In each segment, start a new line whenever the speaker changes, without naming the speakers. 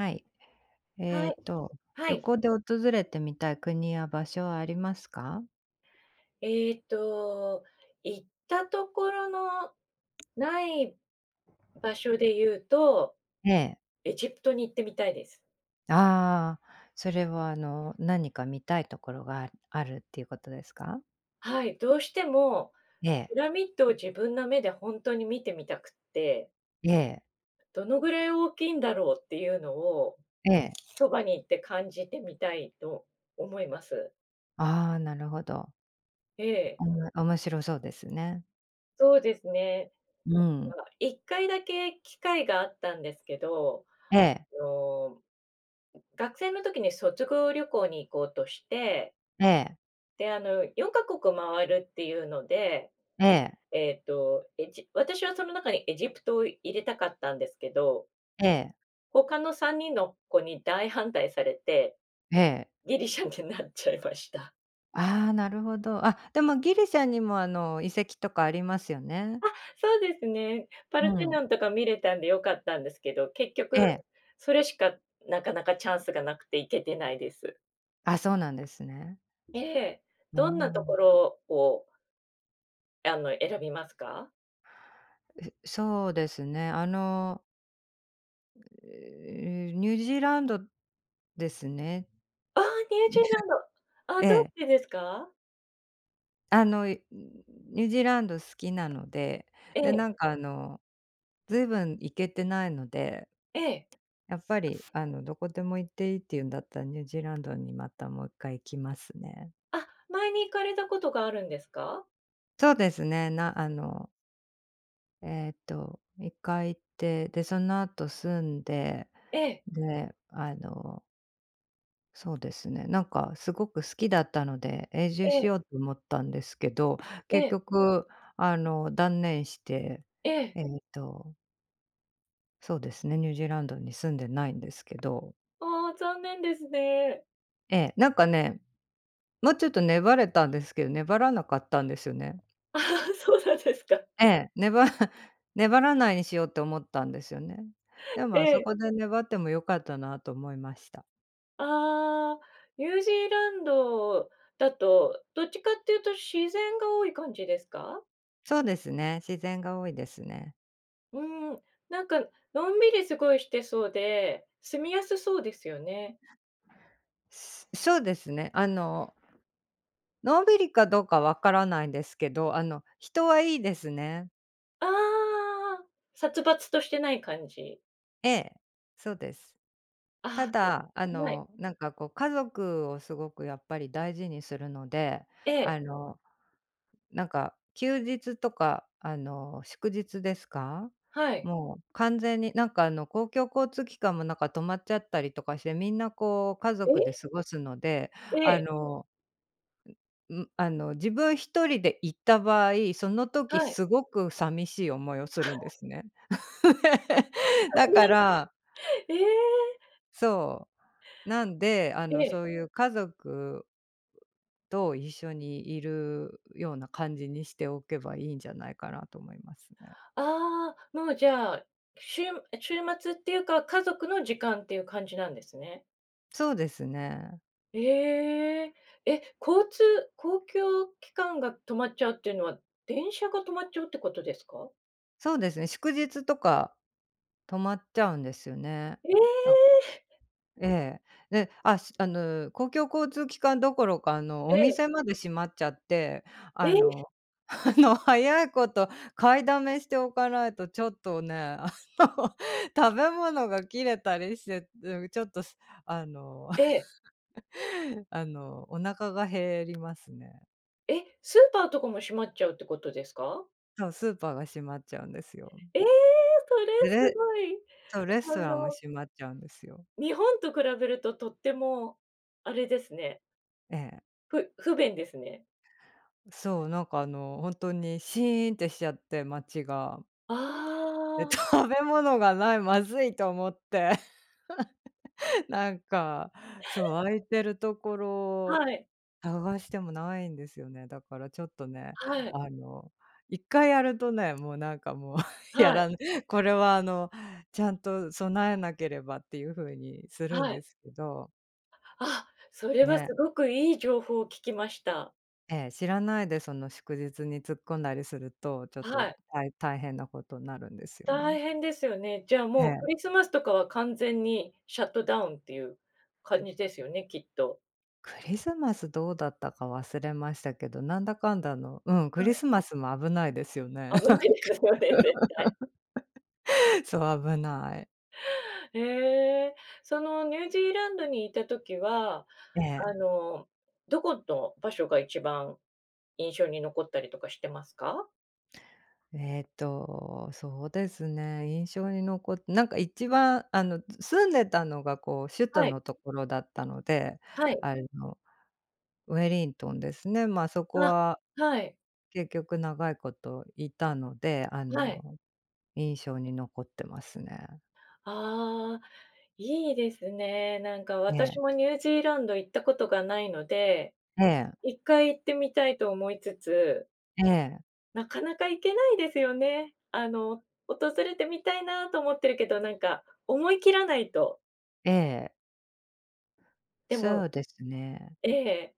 はい。え
はい。
っと、
は
旅
い。
行で訪れてみたい国や場所はありますか？
えっと、行ったところのない場所で言うと、
ええ。
エジプトに行ってみたいです。
ああ、それは、あの、何か見たいところがあるっていうことですか？
はい、どうしても、
ええ。
ピラミッドを自分の目でほんとに見てみたくって。
ええ。
どのぐらい大きいんだろうっていうのを、
ええ。
そばに行って感じてみたいと思います。
ああ、なるほど。
ええ。
面白そうですね。
そうですね。
うん。
1回だけ機会があったんですけど、
ええ。
あの、学生の時に率直旅行に行こうとして
ええ。
で、あの、4ヶ国回るっていうので、
ええ。
えっと、エジ私は、その中にエジプトを入れたかったんですけど
ええ。
他の3人の子に大反対されて、
ええ。
ギリシャになっちゃいました。
ああ、なるほど、あ、でもギリシャにも、あの、遺跡とかありますよね。
あ、そうですね、パル
う
テ
ん。
ノンとか見れたんでよかったんですけど、結
え
局
え。
それしか、なかなかチャンスがなくて行けてないです。
あ、そうなんですね。
で、
うー
どんなとこ
ん。
ろをあの、選びますか？
え、そうですね、あのええ、ニュージーランドですね。
ああ、ニュージーランド。あ、
え
どう
え。
してですか？
あの、いニュージーランド好きなので、
え
で
え。
なんか、あの、ずいぶん行けてないので。
ええ。
やっぱり、あの、う、どこでも行っていいっていうんだったら、ニュージーランドに、またもう1回行きますね。
あ、前に行かれたことがあるんですか？
そうですね、なあのええと、1回行って、でその後住んで、
ええ。
で、あのそうですね、なんかすごく好きだったので、永住
え
し
え。
ようと思ったんですけど、
え
結
え。
局、あの、断念して、
ええ。
ええと。そうですね、ニュージーランドに住んでないんですけど。
ああ、残念ですね。
ええ、なんかね、もうちょっと粘れたんですけど、粘らなかったんですよね。
そうなんですか。
ええ、ねば 粘らないにしようって思ったんですよね。でも
え
あそ
え。
こで粘ってもよかったな、と思いました。
ああ。ニュージーランドだと、どっちかっていうと自然が多い感じですか？
そうですね、自然が多いですね。
うーん、なんか、のんびりすごいしてそうで、住みやすそうですよね。
しん、しょうですね、あののんびりかどうか分からないんですけど、あの、人は良いですね。
ああ！殺伐としてない感じ。
ええ、そうです。た
ああ、すご
だ、あ
い。ん、はい。
の、なんか、こう、家族をすごくやっぱり大事にするので、
え
あ
え。
の、なんか、休日とか、あの、祝日ですか、
はい。
もう完全に、なんか、あの、公共交通機関も、なんか、止まっちゃったりとかして、みんな、こう、家族で
え？
過ごすので、
え
あ
え。
の、んん、あの、自分1人で行った場合、その時
はい。
すごく寂しい思いをするんで すね。だから
ええ！
そう。なんで、あ
え
の、
え。
そういう家族と一緒にいるような感じにしておけばいいんじゃないかなと思いますね。
ああ、もう、じゃあ、しゅうむえ、週末っていうか、家族の時間っていう感じなんですね？
そうですね。
ええ。え、交通公共機関が止まっちゃうっていうのは、電車が止まっちゃうってことですか？
そうですね、祝日とか、止まっちゃうんですよね。
え
だ
え！
ええ、で、ああの、公共交通機関どころか、あの、
え
お
え。
店まで閉まっちゃって、あ
え？
のあの、早いこと買いだめしておかないと、ちょっとね、あの、食べ物が切れたりして、うーん、ちょっと、あの
ええ。
あの、お腹が減りますね。
え、スーパーとかも閉まっちゃうってことですか？
そう、スーパーが閉まっちゃうんですよ。
ええ！それす
で、
ごい。
そう、レス
あ
トランも
の
閉まっちゃうんですよ。
日本と比べると、とっても、あれですね。
ええ。
ふ不便ですね。
そう、なんか、あの、ほんとに「シーン」ってしちゃって、街が。
あ
で、
あ。
食べ物がない、まずいと思って。なんか、そう、開いてるところ、
はい。
探してもないんですよね。だからちょっとね、
はい。
あの、1回やるとね、もうなんか、もう や
はい。
らない、これは、あの、ちゃんと備えなければっていうふうにするん
はい。
ですけど。
あ、それは
ね。
すごくいい情報を聞きました。
ええ、知らないでその祝日に突っ込んだりすると、ちょっ
は
と、
い。
たい大変なことになるんですよ
大
ね。
変ですよね、じゃあ、
え
もう
え。
クリスマスとかは、完全にシャットダウンっていう感じですよね、きっと。
クリスマスどうだったか忘れましたけど、なんだかんだの、うん、
は
クリ
い。
スマスも危ないですよね。なん
危
か。
ないですよね、絶対。
そう、危ない。
へえ。そのニュージーランドにいた時は、
え
あ
え。
の、どこの場所が一番印象に残ったりとかしてますか？
ええと、そうですね、印象に残っなんか一番、あの、住んでたのがこう首都
はい。
のところだったので、
はい。
あの、ウェリントンですね、まあ、そこ
あ、
は、
はい。
結局長いこといたので、あ
はい。
の、印象に残ってますね。
ああ、いいですね。なんか私
ね。
もニュージーランド行ったことがないので、
ええ。
1回行ってみたいと思いつつ。
ええ。
なかなか行けないですよね。あの、訪れてみたいなと思ってるけど、なんか思い切らないと。
ええ。
で
そ
も。
うですね。
ええ。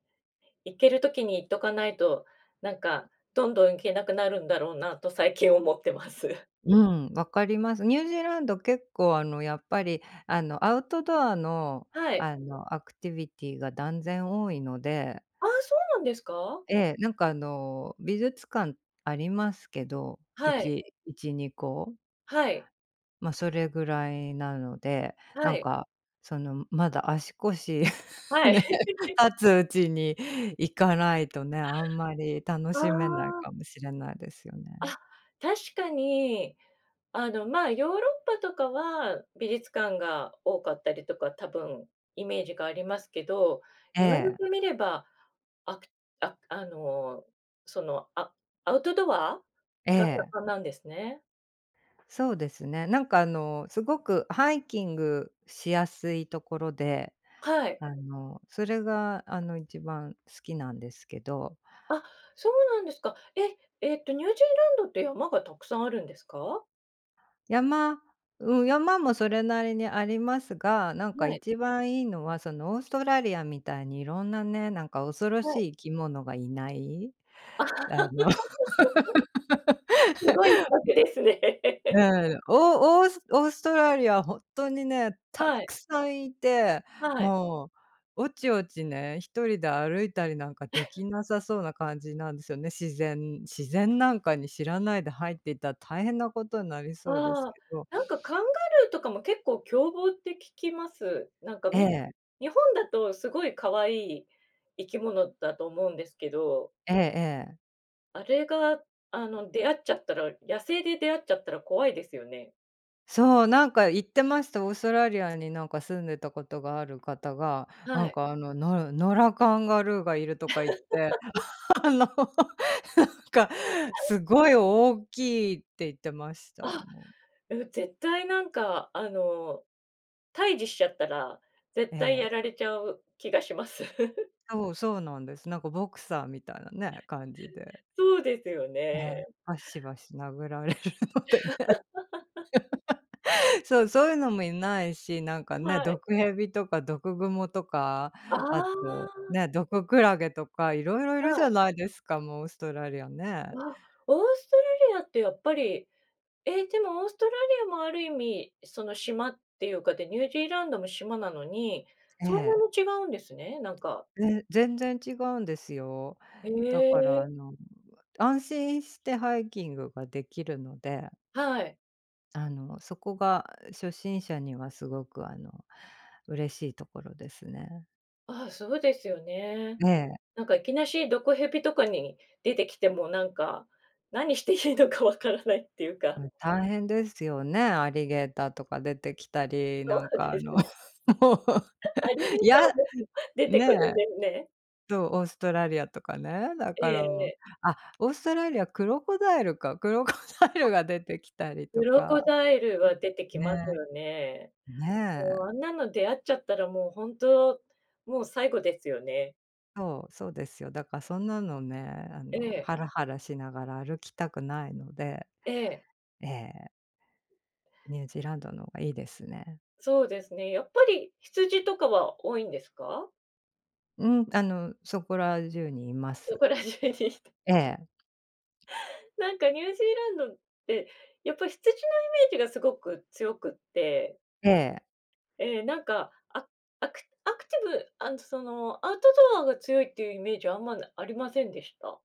行ける時に行っとかないと、なんか、どんどん行けなくなるんだろうなと最近思ってます。
うん、わかります。ニュージーランド結構あのやっぱり、あのアウトドアの、
はい。
あのアクティビティが断然多いので。
ああ、そうなんですか？
ええ、なんかあの、美術館ありますけど、い
はい。
ち1、2個？
はい。
ま、それぐらいなので。
は
なん
い。
か、その、むまだ足腰ね、
はい。
立つうちに行かないとね、あんまり楽
あ
しめない
あ。
かもしれないですよ
あ、
ね。
確かに、あのまあ、ヨーロッパとかは美術館が多かったりとか多分イメージがありますけど、
え
言われ
え。
てみれば、あくあくあの、その、あアウトドア？
え
が
え。
盛んなんですね？
そうですね、なんか、あの、すごくハイキングしやすいところで、
はい。
あの、それが、あの、一番好きなんですけど。
あ、そうなんですか。え、ええと、ニュージーランドって山がたくさんあるんですか？
山うん、山もそれなりにありますが、なんか
はい。
一番いいのは、そのオーストラリアみたいにいろんなね、なんか恐ろ
はい。
しい生き物がいない、あの
すごい比 較ですね。
うん。オーオースオーストラリアはほんとにね、た
はい。
くさんいて、
はい。
もう、おちおちね、1人で歩いたりなんかで きなさそうな感じなんですよね、自然自然なんかに知らないで入ってったら、大変なことになりそうで
あ
す
あ、
けど。
なんかカンガルーとかも結構凶暴って聞きます。なんか、
え
み
え。
日本だとすごい可愛い生き物だと思うんですけど。
ええええ。
あれが、あの、出会っちゃったら、野生で出会っちゃったら怖いですよね。
そう、なんか言ってました、オーストラリアになんか住んでたことがある方が、な
は
ん
い。
か、あの、「のる野良カンガルーがいる」とか言って、あの、なんか「すごい大きい」って言ってました、
あ、
もう
う、絶対なんか、あの、対峙しちゃったら、絶
え
対
え。
やられちゃう気がします。
そうそうなんです。なんかボクサーみたいなね、感じで。
そうですよ
ええ、
ね。
バシバシ殴られるのでね。そう、そういうのもいないし、なんか
は
ね、
い。
毒蛇とか毒グモとか、
あ
あと、
あ。
ね、毒クラゲとかいろいろいる
は
じゃ
い。
ないですか、もうオーストラリアね。
あ、オーストラリアってやっぱり、え、でもオーストラリアもある意味、その、島っていうかで、ニュージーランドも島なのに、
え
そんなに
え。
違うんですね、なんか
ね、全然違うんですよ。
へ
だから、あ
え。
の、安心してハイキングができるので
はい。
あの、そこが初心者にはすごく、あの、嬉しいところですね。
ああ、そうですよね。
ええ。
なんか、いきなし、毒蛇とかに出てきても、なんか、
ん。
何していいのかわからないっていうか。
大変ですよね、アリゲーターとか出てきたり、
そう
なんか、あ
です
の、
ね。
もう、
アリゲー
い
タ
や、
ーも出て
ね
くる
え。
んですね。
どう、オーストラリアとかね、だ
え
から、
え、
もう、
え。
あ、オーストラリア、クロコダイルか、クロコダイル が出てきたり
ク
と
ロ
か、
コダイルは出て
う
き
ん、
ます
ね。
よね。
ね
も
え。
う、あんなの出会っちゃったら、もう、ほんと、もう、最後ですよね。
そう、そうですよ。だか、そんなのね、あ
え
の、
え。
ハラハラしながら歩きたくないので。
ええ。
ええ。ニュージーランドの方がいいですね。
そうですね、やっぱり、羊とかは多いんですか？
うん、あの、そこら中にいま
そ
す。
こら中に。
ええ。
なんか、ニュージーランドって、やっぱ羊のイメージがすごく強くって
ええ。
ええ、なんか、あ、アクアクティブ、あんとその、アウトドアが強いっていうイメージあんまなありませんでした。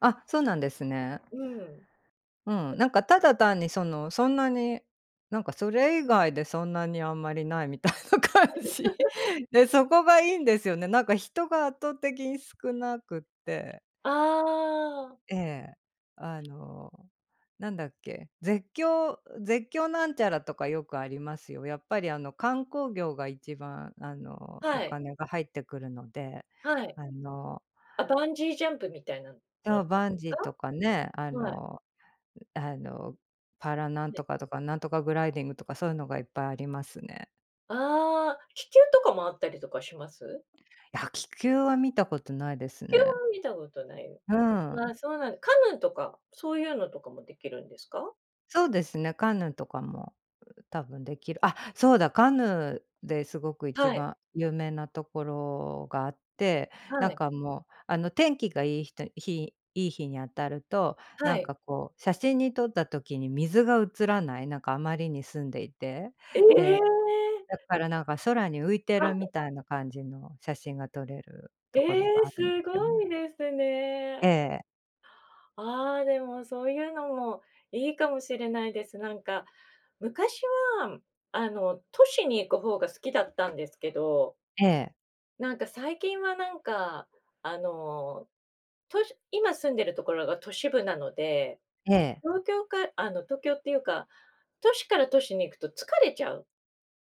あ、そうなんですね。
うん。
うん、なんかただ単にその、そんなに、なんかそれ以外でそんなにあんまりないみたいな感じ。で、そこがいいんですよね。なんか人が圧倒的に少なくて。
ああ。
ええ。あの、なんだっけ、絶叫絶叫なんちゃらとかよくありますよ。やっぱり、あの、観光業が一番、あの、
は
お
い。
金が入ってくるので、
はい。
あの
あ、バンジージャンプみたいなの
そ
[unintelligible]
う、バンジーと
か？
かね、あ
はい。
のあの、パラなん
はい。
とかとか、なんとかグライディングとかそういうのがいっぱいありますね。
ああ、気球とかもあったりとかします？
いや気球は見たことないです
気球
ね。
は見たことない。
うん。
あ、そうなん、カヌーとかそういうのとかもできるんですか？
そうですね、カヌーとかも多分できる。あ、そうだ、カヌーですごく一
はい。
番有名なところがあって、
は
なん
い。
か、もう、あの、天気がいいひと日いい日に当たると、な
は
ん
い。
か、こう、写真に撮った時に水が映らない、なんか、あまりに澄んでいて、
え
で、
え！
だからなんか空に浮いて
は
る
い！
みたいな感じの写真が撮れる
え
ところ
え、
があるん
す
すよ
ご
ね。
いです
え
ね。
え。
ああ、でもそういうのもいいかもしれないです。なんか、昔は、あの、都市に行く方が好きだったんですけど
ええ。
なんか、最近はなんか、あの、都市今住んでるところが都市部なので。
ええ。
東京か、あの、東京っていうか、都市から都市に行くと疲れちゃう。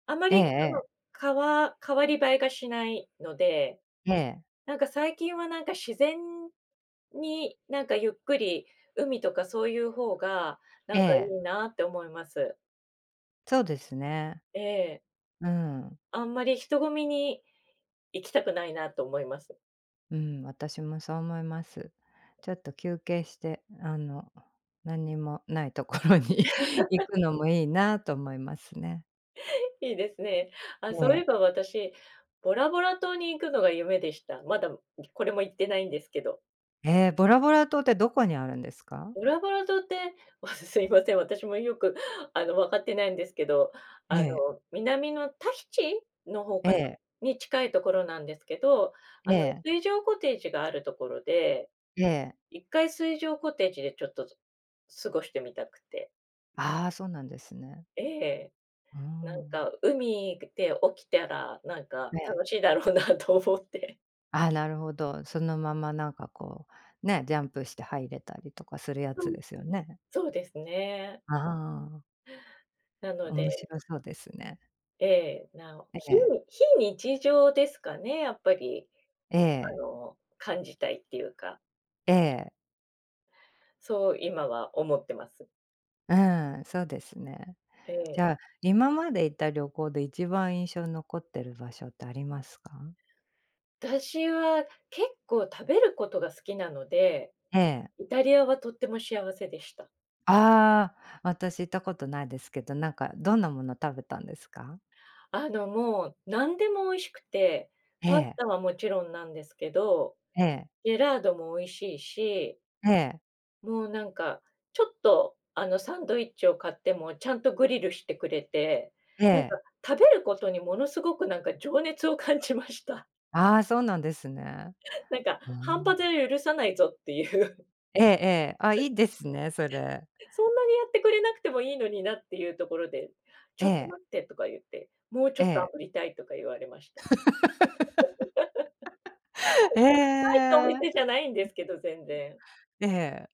あま
ええ
りそ
え
の、
え。
かわ代わり映えがしないので、
ええ。
なんか最近はなんか自然に、なんかゆっくり、海とかそういうほうが、な
え
んかい
え。
いなって思います。
そうですね。
ええ。
うーん。
あんまり人混みに、行きたくないなと思います。
うん、私もそう思います。ちょっと休憩して、あの、何にもないところに行 くのもいいなと思いますね。
いいですね。あ、
え
そうい
え。
えば私、ボラボラ島に行くのが夢でした。まだ、ん、ぎこれも行ってないんですけど
え、ボラボラ島ってどこにあるんですか？
ボラボラ島って、わすすいません。私もよく、あの、わかっていないんですけど。あ
ええ。
の、南のタヒチの方
え
かな、
え。
に近いところなんですけど、
え
あの、
え。
水上コテージがあるところで。
ええ。
一回水上コテージでちょっとず過ごしてみたくて。
ああ、そうなんですね。
ええ。
うー
なん
ん。
か、海ぐで起きてあら、なん
え
か、
え。
楽しいだろうなと思って。
ああ、なるほど、そのまま、なんか、こう、ね、ジャンプして入れたりとかするや
は
つ
い。
ですよね。
そうですね。
ああ。
なの
面
で
白そうですね。
ええ、な
え
ひ
え。
非日常ですかねやっぱり。
え
あ
え。
の、感じたいっていうか。
ええ。
そう今は思ってます。
うん、そうですね。
え
じ
え。
ゃあ、今まで行った旅行で一番印象に残ってる場所ってありますか？
あたしは結構食べることが好きなので、
ええ。
イタリアはとっても幸せでした。
ああ。私行ったことないですけど、なんか、どんなもの食べたんですか？
あの、もう、なんでも美味しくて、
え
パス
え。
タはもちろんなんですけど、
ええ。
ジェラートも美味しいし。
ええ。
もうなんか、ちょっとあの、サンドイッチを買ってもちゃんとグリルしてくれて、
え
なんか
え。
食べることにものすごくなんか情熱を感じました。
ああ、そうなんですね。
なんか、
ふー
半
ん。
端では許さないぞっていう。
ええ、ええ。ああ、い いですねそれ。
そんなにやってくれなくてもいいのになっていうところで。「ち
え
ょっと
え。
待って」とか言って。「もうち
え
ょっと
え。
炙りたい」とか言われました。
へ
大したお
え。
店じゃないんですけど、全然。
ええ。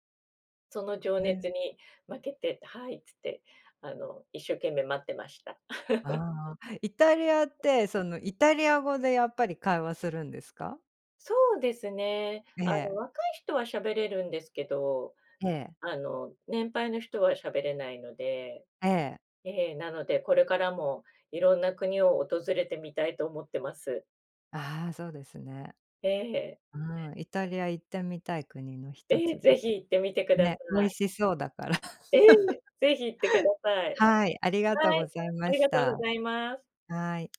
その情
う
熱
ん。
に負けて、「はい」っつって、あの、一生懸命待ってました。
ああ。イタリアって、その、イタリア語でやっぱり会話するんですか？
そうですね。
え
あの、
え。
若い人は喋れるんですけど、
ええ。
あの、年配の人はしゃべれないので。
ええ。
ええ、なのでこれからもいろんな国を訪れてみたいと思ってます。
ああ、そうですね。
ええ。
うん、イタリア行ってみたい国のひと
ええ、
つで。
ぜひ行ってみてくださ
ね、美味
い。
しそうだから。
ええ、ぜひ行ってください。
はい、ありがとう
は
ご
い、
ざい
あ
ま
り
し
がとう
た。
ございます。
はい。